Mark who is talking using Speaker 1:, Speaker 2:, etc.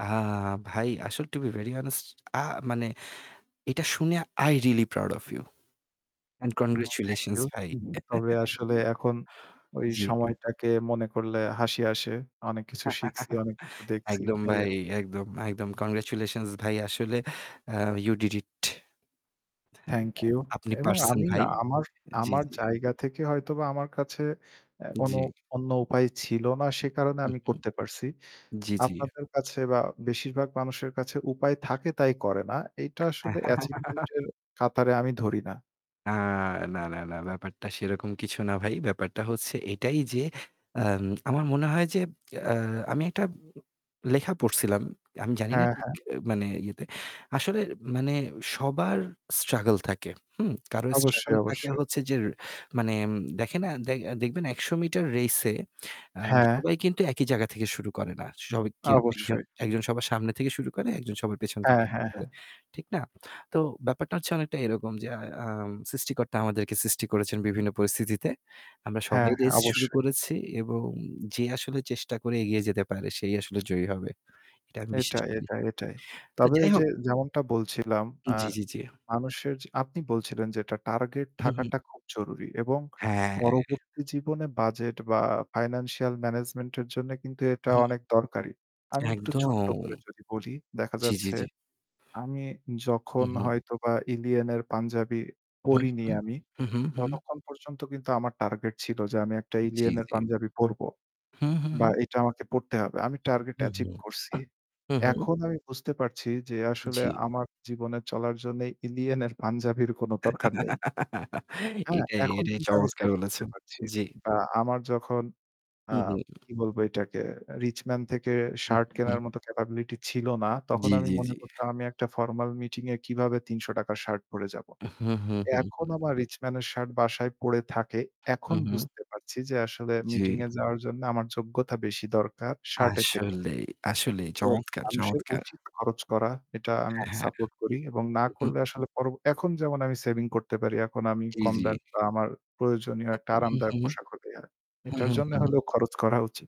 Speaker 1: আম ভাই, আসল to be very honest আ মানে এটা শুনে I really proud of you and
Speaker 2: হুম থ্যাংক
Speaker 1: congratulations
Speaker 2: ইউ।
Speaker 1: ভাই।
Speaker 2: তবে আসলে এখন ওই
Speaker 1: জি।
Speaker 2: সময়টাকে মনে করলে হাসি আসে। অনেক কিছু শিখছি, অনেক কিছু দেখছি।
Speaker 1: একদম
Speaker 2: এই আরকি।
Speaker 1: ভাই, একদম, একদম। কংগ্রাচুলেশনস ভাই আসলে আ you did it [unintelligible]
Speaker 2: thank you
Speaker 1: আপনি
Speaker 2: এবং
Speaker 1: পারছেন
Speaker 2: আমি না
Speaker 1: ভাই।
Speaker 2: আমার,
Speaker 1: জি,
Speaker 2: আমার
Speaker 1: জি।
Speaker 2: জায়গা থেকে হয়তোবা আমার কাছে অ্যা কোনো
Speaker 1: জি।
Speaker 2: অন্য উপায় ছিল না সে কারণে
Speaker 1: হুম,
Speaker 2: আমি
Speaker 1: হুম।
Speaker 2: করতে পারছি।
Speaker 1: জি, জি।
Speaker 2: আপনাদের কাছে বা বেশিরভাগ মানুষের কাছে উপায় থাকে তাই করে না। এটা আসলে অ্যাচিভমেন্ট এর কাতারে আমি ধরি না।
Speaker 1: আ না, না, না ব্যাপারটা সেরকম কিছু না ভাই। ব্যাপারটা হচ্ছে এটাই যে আম আমার মনে হয় যে আ আমি একটা লেখা পড়ছিলাম। আমি জানি না
Speaker 2: হ্যাঁ,
Speaker 1: ঠিক
Speaker 2: হ্যাঁ।
Speaker 1: মানে ইয়েতে। আসলে মানে সবার স্ট্রাগল থাকে, হুম। কারো
Speaker 2: অবশ্যই,
Speaker 1: স্ট্রাগল থাকে
Speaker 2: অবশ্যই।
Speaker 1: হচ্ছে যে মানে এম দেখে না দে দেখবেন ১০০ মিটার রেইস এ আ
Speaker 2: হ্যাঁ।
Speaker 1: সবাই কিন্তু একই জায়গা থেকে শুরু করে না। সবা কেও একজন,
Speaker 2: অবশ্যই।
Speaker 1: একজন সবার সামনে থেকে শুরু করে, একজন সবার পেছন থেকে
Speaker 2: হ্যাঁ,
Speaker 1: শুরু
Speaker 2: হ্যাঁ,
Speaker 1: করে।
Speaker 2: হ্যাঁ।
Speaker 1: ঠিক না? তো ব্যাপারটা হচ্ছে অনেকটা এরকম যে আ আম সৃষ্টিকর্তা আমাদেরকে সৃষ্টি করেছেন বিভিন্ন পরিস্থিতিতে। আমরা
Speaker 2: হ্যাঁ,
Speaker 1: সবাই
Speaker 2: হ্যাঁ
Speaker 1: রেস শুরু
Speaker 2: অবশ্যই।
Speaker 1: করেছি এবং যে আসলে চেষ্টা করে এগিয়ে যেতে পারে সেই আসলে জয়ী হবে। এটা আমি বিশ্বাস
Speaker 2: এটাই,
Speaker 1: করি।
Speaker 2: এটাই, এটাই।
Speaker 1: তো
Speaker 2: তবে
Speaker 1: যাই
Speaker 2: ওই যে
Speaker 1: হোক।
Speaker 2: যেমনটা বলছিলাম অ্যা
Speaker 1: জি, জি, জি।
Speaker 2: মানুষের যে আপনি বলছিলেন, যে এটা টার্গেট
Speaker 1: হু, হু।
Speaker 2: থাকাটা খুব জরুরী এবং
Speaker 1: হ্যাঁ।
Speaker 2: পরবর্তী জীবনে বাজেট বা ফাইন্যান্সিয়াল ম্যানেজমেন্ট এর জন্য কিন্তু এটা
Speaker 1: হুম।
Speaker 2: অনেক দরকারী। আমি একটু ছোট্ট
Speaker 1: একদম।
Speaker 2: করে যদি বলি, দেখা
Speaker 1: জি, জি,
Speaker 2: যাচ্ছে
Speaker 1: জি।
Speaker 2: আমি
Speaker 1: হু,
Speaker 2: যখন
Speaker 1: হু।
Speaker 2: হয়তো বা 'ILLIYEEN' এর পাঞ্জাবি
Speaker 1: হু,
Speaker 2: পড়িনি
Speaker 1: হু।
Speaker 2: আমি
Speaker 1: হু, হু, হু।
Speaker 2: ততক্ষণ পর্যন্ত কিন্তু আমার টার্গেট ছিল যে আমি একটা
Speaker 1: জি,
Speaker 2: 'ILLIYEEN' এর
Speaker 1: জি।
Speaker 2: পাঞ্জাবি পড়বো।
Speaker 1: হু, হু, হু।
Speaker 2: বা এটা আমাকে পড়তে হবে। আমি টার্গেট
Speaker 1: হু, হু।
Speaker 2: অ্যাচিভ করছি।
Speaker 1: হু, হু।
Speaker 2: এখন আমি বুঝতে পারছি যে আসলে
Speaker 1: জি।
Speaker 2: আমার জীবনে চলার জন্য 'ILLIYEEN' এর পাঞ্জাবির কোন দরকার নেই। হ্যাঁ,
Speaker 1: এটাই,
Speaker 2: এখন
Speaker 1: এটাই
Speaker 2: কিন্তু আমি
Speaker 1: চমৎকার
Speaker 2: সেট করতে
Speaker 1: বলেছেন!
Speaker 2: পারছি।
Speaker 1: জি।
Speaker 2: আমার যখন আ
Speaker 1: হু, হু।
Speaker 2: কি বলবো এটাকে 'RichMan' থেকে
Speaker 1: হুম,
Speaker 2: শার্ট
Speaker 1: হুম।
Speaker 2: কেনার মত ক্যাপাবিলিটি ছিল না তখন
Speaker 1: জি,
Speaker 2: আমি
Speaker 1: জি,
Speaker 2: মনে
Speaker 1: জি।
Speaker 2: করতাম আমি একটা ফরমাল মিটিং এ কিভাবে ৳৩০০ র শার্ট পরে যাব?
Speaker 1: হু, হু, হু,
Speaker 2: এখন
Speaker 1: হু।
Speaker 2: আমার 'RichMan' এর শার্ট বাসায় পড়ে থাকে।
Speaker 1: হু,
Speaker 2: এখন
Speaker 1: হু।
Speaker 2: বুঝতে পারছি যে আসলে
Speaker 1: জি।
Speaker 2: মিটিং এ যাওয়ার জন্য আমার যোগ্যতা বেশি দরকার শার্টের থেকে।
Speaker 1: আসলেই, আসলেই
Speaker 2: তো
Speaker 1: চমৎকার!
Speaker 2: মানুষের
Speaker 1: চমৎকার!
Speaker 2: উচিত খরচ করা। এটা আমি
Speaker 1: হ্যাঁ, হ্যাঁ।
Speaker 2: সাপোর্ট করি এবং না
Speaker 1: হুম, হুম।
Speaker 2: করলে আসলে পর এখন যেমন আমি সেভিং করতে পারি, এখন আমি
Speaker 1: জি,
Speaker 2: কম
Speaker 1: জি।
Speaker 2: দামি বা আমার প্রয়োজনীয় একটা
Speaker 1: হু, হু।
Speaker 2: আরামদায়ক পোশাক হলেই হয়।
Speaker 1: হুম,
Speaker 2: এটার
Speaker 1: হুম,
Speaker 2: জন্য
Speaker 1: হুম।
Speaker 2: হলেও খরচ করা উচিত।